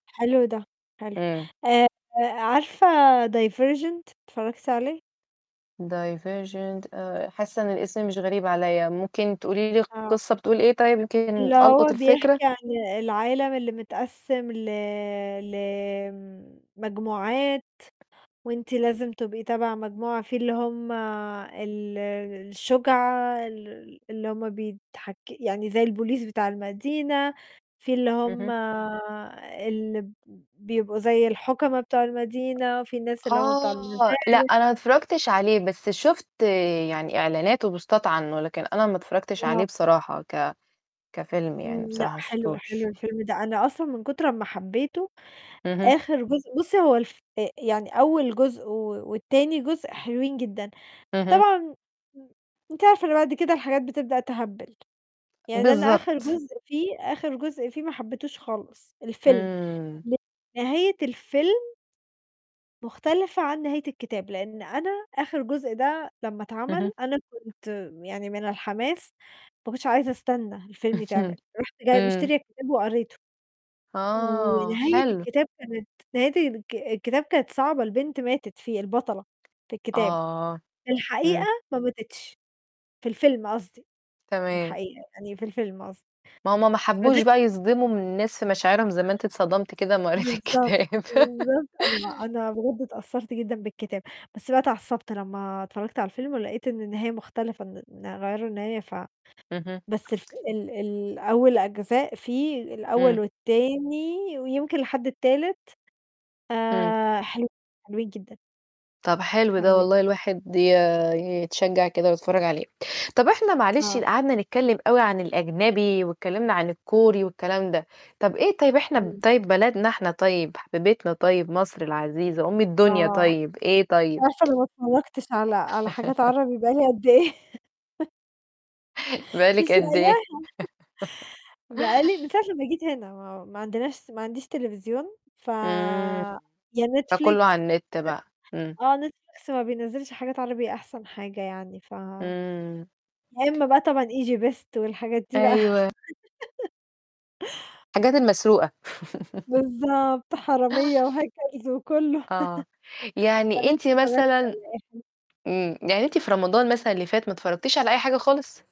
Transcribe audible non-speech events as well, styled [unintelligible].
حلو ده حلو. إمم. آآعارفة Divergent؟ اتفرجتِ عليه؟ Divergent آآ حاسة إن الاسم مش غريب عليّا. ممكن تقولي لي آه. القصة بتقول إيه طيب؟ يمكن اللي ألقُط هو الفكرة. بيحكي عن العالم اللي متقسم ل لمجموعات، وأنتِ لازم تبقي تبع مجموعة. فيه اللي هُم ال الشُجعى ال اللي هُم بيتحك يعني زي الpolice بتاع المدينة، فيه اللي هُم اهم. اللي بيبقوا زي الحُكما بتاع المدينة، وفيه ناس اللي هُم بتوع آه، لأ، [unintelligible] أنا ما اتفرجتش عليه بس شُفت يعني إعلانات و بوستات عنه، لكن أنا ما اتفرجتش آه. عليه بصراحة ك كفيلم إمم، يعني لأ بصراحة ما حلو حلو شُفتوش. الفيلم ده. أنا أصلًا من كتر أما حبيته اهم. آخر جُزء بُصي هو الف أ يعني أول جُزء و وتاني جزء حلوين جدًا. اهم. طبعًا م أنتِ عارفة إن بعد كده الحاجات بتبدأ تهبّل. يعني أنا آخر بالضبط. جزء فيه، آخر جزء فيه ما حبيتهوش خالص الفيلم. إمم. نهاية الفيلم مُختلفة عن نهاية الكتاب. لإن أنا آخر جُزء ده لما اهم. اتعمل أنا كنت يعني من الحماس ماكنتش عايزة أستنى الفيلم يتعمل. اهم. رُحت جاية إمم. مشترية الكتاب وقريته. آه، ونهاية حلو. الكتاب كانت نهاية الك الكتاب كانت صعبة، البنت ماتت فيه، البطلة في الكتاب. آه. في الحقيقة إمم. ما ماتتش، في الفيلم قصدي. في تمام. الحقيقة، يعني في الفيلم قصدي. ما هُم ما حبوش [unintelligible] بقى يصدموا الناس في مشاعرهم زي ما أنتِ اتصدمتِ كدهِ اما قريتِ بالضبط، الكتاب. بالضبط. أنا ما [laughs] أنا بجد اتأثرت جدًا بالكتاب. بس بقى اتعصبت لما اتفرجت على الفيلم ولقيت إن النهاية مختلفة إن إن غيروا النهاية ف اهم. بس ف ال الأول أجزاء فيه الأول إمم. والتاني، ويمكن لحد التالت إمم. آآ حلوين، حلوين جدًا. طَب حلو ده حلوين. والله الواحد ي يتشجع كده ويتفرج عليه. طَب إحنا معلش آه. قعدنا نتكلم أوي عن الأجنبي واتكلمنا عن الكوري والكلام ده. طَب إيه طيب إحنا إمم. طيب بلدنا إحنا طيب حبيبتنا طيب مصر العزيزة أُم الدنيا آه، طيب إيه أنتِ طيب؟ عارفة أنا ما اتفرجتش على على حاجات [laughs] عربي بقى لي قد إيه؟ [laughs] بقى مش لِك قد إيه؟ لاقياها [chuckles] بقى لي من [laughs] ساعة لمّا جيت هنا ما ما عندناش ما عنديش تليفزيون ف إمم، يا فكله Netflix. على النت بقى، إمم. آه Netflix ما بينزلِش حاجات عربي أحسن حاجة يعني ف إمم. يا إما بقى طبعًا Egybest والحاجات دي بقى. أيوه. [laughs] الحاجات المسروقة. [laughs] بالضبط، حرامية و hackers و كله. آه، [laughs] طب يعني أنتِ أنتِ اتفرجت مثلًا على إيه حلو؟ إمم، يعني أنتِ في رمضان مثلًا اللي فات ما اتفرجتيش على أي حاجة خالص؟